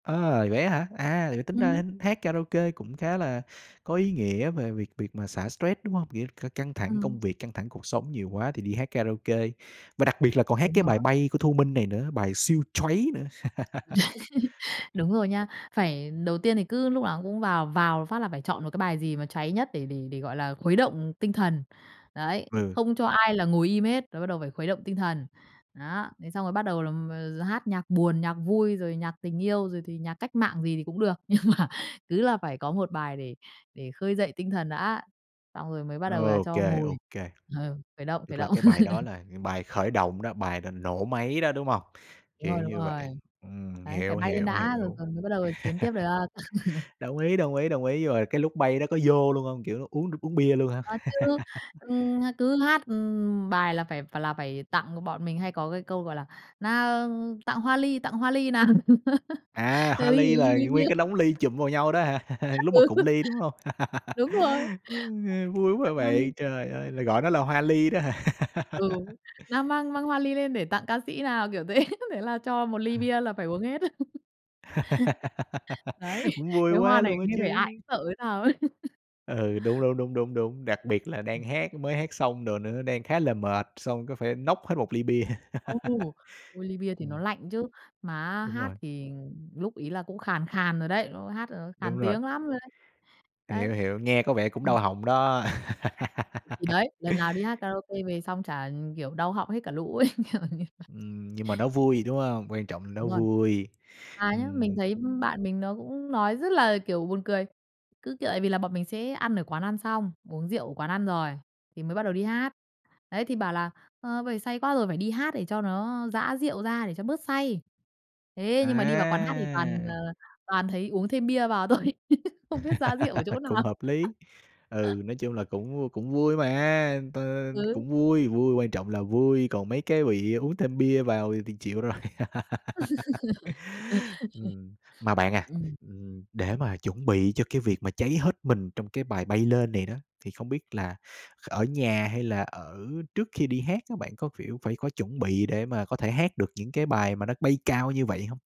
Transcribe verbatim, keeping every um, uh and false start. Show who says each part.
Speaker 1: À, vậy á hả? À, vậy là tính
Speaker 2: Ừm.
Speaker 1: ra h hát karaoke cũng khá là có ý nghĩa về việc việc mà xả stress, đúng hông? Việc ờ, căng thẳng
Speaker 2: Ừm.
Speaker 1: công việc, căng thẳng cuộc sống nhiều quá thì đi hát karaoke, và đặc biệt là còn hát
Speaker 2: Đúng
Speaker 1: cái bài
Speaker 2: rồi.
Speaker 1: "Bay" của Thu Minh này nữa. Bài siêu choáy nữa.
Speaker 2: Đúng rồi nha. Phải đầu tiên thì cứ lúc nào cũng vào vào phát là phải chọn một cái bài gì mà cháy nhất để để để, gọi là, khuấy động, ừm, tinh thần. Đấy,
Speaker 1: Ừ.
Speaker 2: không cho ai là ngồi im hết, rồi bắt đầu phải khuấy động tinh thần. Đó. Thế xong rồi bắt đầu là m d hát nhạc buồn, nhạc vui, rồi nhạc tình yêu, rồi thì nhạc cách mạng gì thì cũng được. Nhưng mà cứ là phải có một bài để để khơi dậy tinh thần đã, xong rồi mới bắt đầu là
Speaker 1: OK,
Speaker 2: cho ngồi.
Speaker 1: OK.
Speaker 2: Ờ, khởi động, khởi
Speaker 1: Tức là
Speaker 2: động.
Speaker 1: cái bài đó là bài khởi động đó, bài là nổ máy đó, đúng hông?
Speaker 2: Đúng
Speaker 1: Kiểu
Speaker 2: rồi, đúng
Speaker 1: như vậy.
Speaker 2: rồi.
Speaker 1: Ừm,
Speaker 2: Đấy, phải
Speaker 1: hiểu,
Speaker 2: bay lên
Speaker 1: hiểu,
Speaker 2: đã rồi
Speaker 1: hiểu.
Speaker 2: rồi mới bắt đầu là chiến tiếp được.
Speaker 1: Đồng ý, đồng ý, đồng ý. Rồi cái lúc bay đó có dô luôn hông? Kiểu, nó uống được uống bia luôn hả?
Speaker 2: Có chứ, ừm, à, cứ hát, ừm, bài là phải là phải tặng b bọn mình hay có cái câu, gọi là "Nào! Tặng hoa ly, tặng hoa ly nào."
Speaker 1: À,
Speaker 2: Là
Speaker 1: hoa
Speaker 2: ly
Speaker 1: ly
Speaker 2: ly
Speaker 1: là
Speaker 2: ly bia.
Speaker 1: nguyên cái đống ly chụm vào nhau đó hả? Lúc mà
Speaker 2: Ừ.
Speaker 1: cụng ly, đúng hông?
Speaker 2: Đúng rồi,
Speaker 1: [unintelligible] vui
Speaker 2: [unintelligible]
Speaker 1: quá
Speaker 2: tặng hoa ly.
Speaker 1: vậy. Trời ơi, là gọi nó là hoa ly đó hả?
Speaker 2: Ừ. "Mang mang mang hoa ly lên để tặng ca sĩ nào" kiểu thế. Thế là cho một ly bia là phải uống hết. Đấy,
Speaker 1: Cũng vui
Speaker 2: cái
Speaker 1: quá
Speaker 2: hoa này
Speaker 1: luôn á
Speaker 2: nghe vẻ ai
Speaker 1: chứ.
Speaker 2: cũng sợ hay sao ấy.
Speaker 1: Ừ, đúng, đúng, đúng, đúng, đúng. Đặc biệt là đang hát, mới hát xong đồ nữa, đang khá là mệt, xong cứ phải nốc hết một ly bia.
Speaker 2: Ừ. Ôi, ly bia thì nó
Speaker 1: Ừm.
Speaker 2: lạnh chứ, mà á
Speaker 1: Đúng
Speaker 2: hát
Speaker 1: rồi.
Speaker 2: thì, ừm, lúc ấy là cũng khàn khàn rồi đấy. Lúc ấy hát là nó
Speaker 1: Đúng
Speaker 2: khàn
Speaker 1: rồi.
Speaker 2: tiếng lắm rồi đấy. Đấy.
Speaker 1: Hiểu, hiểu. Nghe có vẻ cũng
Speaker 2: Ừm.
Speaker 1: đau họng đó.
Speaker 2: [unintelligible] thì đấy, lần nào đi hát karaoke về xong chả, ừm, kiểu, đau họng hết cả lũ ấy, kiểu như vậy.
Speaker 1: Ừm, nhưng mà nó vui, đúng hông? Quan trọng là nó
Speaker 2: Đúng rồi.
Speaker 1: vui.
Speaker 2: Mà nhá, mình
Speaker 1: Ừm.
Speaker 2: thấy, ưm, bạn mình nó cũng nói rất là, kiểu, buồn cười, cứ, kiểu, vì là bọn mình sẽ ăn ở quán ăn xong, uống rượu ở quán ăn rồi thì mới bắt đầu đi hát, ấy, thì bảo là "Ờ, bây giờ say quá rồi, phải đi hát để cho nó giã rượu ra, để cho bớt say." Thế nhưng mà đi vào quán hát thì toàn, ờ,
Speaker 1: À!
Speaker 2: toàn thấy uống thêm bia vào thôi, không biết giã rượu ở chỗ
Speaker 1: Cũng
Speaker 2: nào.
Speaker 1: hợp lý. Ừ, nói chung là cũng v cũng vui mà, t
Speaker 2: Ừ.
Speaker 1: cũng vui, vui, quan trọng là vui, còn mấy cái bị uống thêm bia vào thì thì chịu rồi. Ừm. Mà bạn à,
Speaker 2: Ừm.
Speaker 1: ừm, để mà chuẩn bị cho cái việc mà cháy hết mình trong cái bài "Bay" lên này đó, thì không biết là ở nhà hay là ở trước khi đi hát, các bạn có, phiểu, phải có chuẩn bị để mà có thể hát được những cái bài mà nó bay cao như vậy hông?